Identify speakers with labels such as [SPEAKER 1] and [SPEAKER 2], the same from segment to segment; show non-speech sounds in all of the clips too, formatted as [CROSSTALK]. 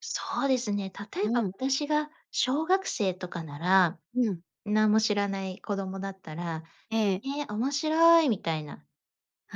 [SPEAKER 1] そうですね。例
[SPEAKER 2] う
[SPEAKER 1] えば、こ、
[SPEAKER 2] ん。
[SPEAKER 1] 私が小学生とかなら、
[SPEAKER 2] うん。
[SPEAKER 1] なんも知らない子供だったら、
[SPEAKER 2] ええ。
[SPEAKER 1] 「ええ、面白い」みたいな。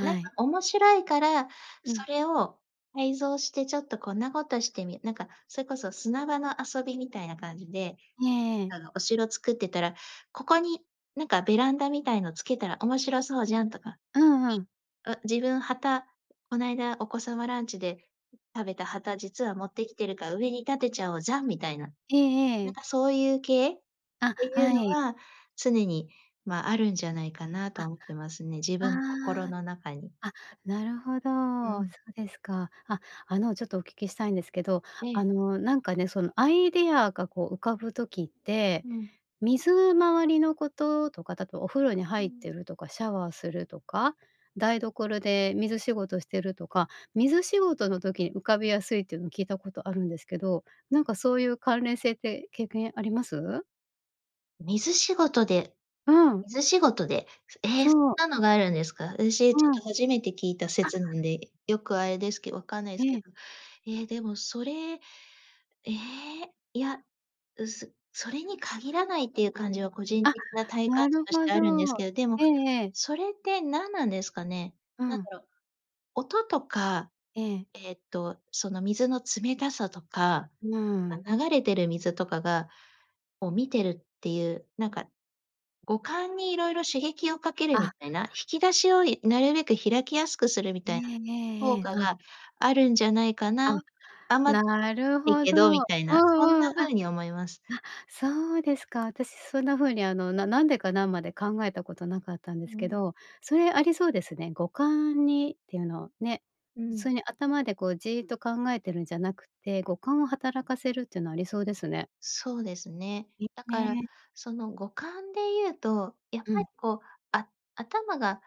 [SPEAKER 1] なんか
[SPEAKER 2] い。
[SPEAKER 1] 面白いから、
[SPEAKER 2] うん。
[SPEAKER 1] それを改造してちょっとこんなことしてみなんか、それこそ砂場の遊びみたいな感じで、
[SPEAKER 2] ええええ。
[SPEAKER 1] あの、お城作ってたら、「ここに、なんか、ベランダみたいのつけたら面白そうじゃん」とか、
[SPEAKER 2] うんうん。
[SPEAKER 1] あ、自分、旗、こないだお子様ランチで食べた旗、実は持ってきてるから、「上に立てちゃおうじゃん」みたいな。
[SPEAKER 2] えええ
[SPEAKER 1] なん
[SPEAKER 2] え。
[SPEAKER 1] か、そういう系っ
[SPEAKER 2] あ、
[SPEAKER 1] ていう
[SPEAKER 2] は
[SPEAKER 1] の
[SPEAKER 2] い。
[SPEAKER 1] は常に、ま、あるんじゃないかな
[SPEAKER 2] あ、
[SPEAKER 1] とは思ってますね、自分心
[SPEAKER 2] ああ。
[SPEAKER 1] の中に。
[SPEAKER 2] あ、なるほ
[SPEAKER 1] う
[SPEAKER 2] ど、そ
[SPEAKER 1] ん。
[SPEAKER 2] うですか。あ、あの、ちょっとお聞きしたいんですけど、
[SPEAKER 1] え
[SPEAKER 2] あ
[SPEAKER 1] え。
[SPEAKER 2] の、なんかね、その、アイディアが、こう、浮かぶ時って、
[SPEAKER 1] うん。
[SPEAKER 2] 水回りのこととかだと、お風呂に
[SPEAKER 1] う
[SPEAKER 2] 入って
[SPEAKER 1] ん。
[SPEAKER 2] るとかシャワーするとか、台所で水仕事してるとか、水仕事の時に浮かびやすいってのを聞いたことあるんですけど、なんか、そういう関連性って経験あります？
[SPEAKER 1] 水仕事で。
[SPEAKER 2] うん。
[SPEAKER 1] 水仕事で。すええ、そん
[SPEAKER 2] そう。
[SPEAKER 1] なのがあるんですか？あたし、ちょっ
[SPEAKER 2] うん。
[SPEAKER 1] と初めて聞いた
[SPEAKER 2] あ。
[SPEAKER 1] 説なんで、よくあれですけ、わかんない
[SPEAKER 2] え
[SPEAKER 1] すけど。
[SPEAKER 2] え。
[SPEAKER 1] ええ、でも、それ、ええ、いや、う、すそれに限らないっていう感じは個人
[SPEAKER 2] あ、
[SPEAKER 1] 的な体感
[SPEAKER 2] な
[SPEAKER 1] 値
[SPEAKER 2] る
[SPEAKER 1] とし
[SPEAKER 2] ほ
[SPEAKER 1] て
[SPEAKER 2] ど。
[SPEAKER 1] あるんですけど、でも
[SPEAKER 2] ええええ。
[SPEAKER 1] それってなんなんですかね？
[SPEAKER 2] う
[SPEAKER 1] なん
[SPEAKER 2] ん。
[SPEAKER 1] だろう。音とか、
[SPEAKER 2] ええ。
[SPEAKER 1] えっと、その、水の冷たさとか、
[SPEAKER 2] うーん。
[SPEAKER 1] あ、流れてる水とかがを、見てるっていう、なんか、五感に色々刺激をかけるみ
[SPEAKER 2] あ。
[SPEAKER 1] たいな、引き出しを、いなるべく開きやすくするみ
[SPEAKER 2] え
[SPEAKER 1] たいな
[SPEAKER 2] えええ
[SPEAKER 1] 効
[SPEAKER 2] ええ、
[SPEAKER 1] 果
[SPEAKER 2] あ。
[SPEAKER 1] があるんじゃないか
[SPEAKER 2] あ、
[SPEAKER 1] な。あんま、
[SPEAKER 2] なる
[SPEAKER 1] [UNINTELLIGIBLE] い
[SPEAKER 2] ほ
[SPEAKER 1] け
[SPEAKER 2] ど。
[SPEAKER 1] どみたい
[SPEAKER 2] う
[SPEAKER 1] な、そん
[SPEAKER 2] んう
[SPEAKER 1] な
[SPEAKER 2] ん、あ。
[SPEAKER 1] ふ
[SPEAKER 2] あ、
[SPEAKER 1] うに思います。
[SPEAKER 2] そうですか。私そんなふうに、あの、ななんでかな、まで考えたことなかったんで
[SPEAKER 1] う
[SPEAKER 2] すけ
[SPEAKER 1] ん。
[SPEAKER 2] ど、それ、ありそうですね。五感にっていうのね、
[SPEAKER 1] う
[SPEAKER 2] 普通
[SPEAKER 1] ん。
[SPEAKER 2] に頭で、こう、じいっと考えてるんじゃなくて、五感を働かせるってのありそうですね。
[SPEAKER 1] そうですね。
[SPEAKER 2] い
[SPEAKER 1] だ
[SPEAKER 2] へ
[SPEAKER 1] から、
[SPEAKER 2] え。
[SPEAKER 1] その五感でいうと、やっ
[SPEAKER 2] う
[SPEAKER 1] ぱ
[SPEAKER 2] ん。
[SPEAKER 1] り、こう、あ、頭が